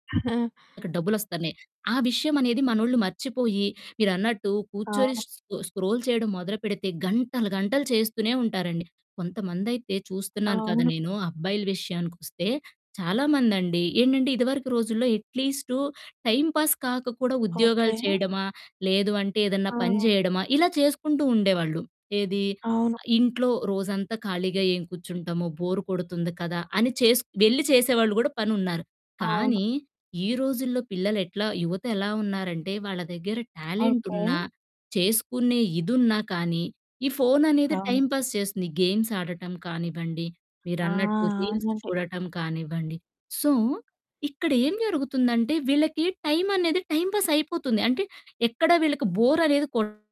ఆ! అక్కడ డబ్బులు ఒస్తాలే. ఆ విషయమనేది మనోళ్ళు మర్చిపోయి, మీరన్నట్టు కూర్చొని అవును. స్ స్కొ స్క్రోల్ చెయడం మొదలు పెడితే గంటలు గంటలు చేస్తూనే ఉంటారండి. కొంతమందై‌తే చూస్తున్నాను కదా! అవును. నేను. అబ్బాయిల విషయానికొస్తే చాలామందండి, ఏంటంటే, ఇదవరకు రోజుల్లో ఎట్లీస్టు టైమ్ పాస్ కాక కూడా ఉద్యోగాలు ఓకే. చెయడమా, లేదు అంటే ఏదన్నా పని ఆ! జెయడమా, ఇలా చేసుకుంటూ ఉండేవాళ్ళు. ఏదీ? అవును. "ఇంట్లో రోజంతా ఖాళీగా ఏం కూర్చుంటాము, బోరు కొడుతుంది కదా!" అని చేసుక్ వెళ్ళి చేసేవాళ్ళు గూడా పనున్నారు. అవును. కానీ, ఈ రోజుల్లో పిల్లలెట్లా యువతెలా ఉన్నారంటే, వాళ్ళ దగ్గర ఓకే. టాలెంటున్నా, చేసుకునే ఇదున్నా కానీ ఈ ఫోననేది అవును. టైమ్ పాస్ చేస్తుంది. గేమ్స్ ఆడటం కానివ్వండి, ఆ! మీరన్నట్టు రీల్స్ అవునండి. చూడటం కానివ్వండి. సో, ఇక్కడేం జరుగుతుందంటే, వీళ్ళకీ టైమనేది టైమ్ పాసైపోతుంది. అంటే, ఎక్కడ వీళ్ళకి బోరనేది కొ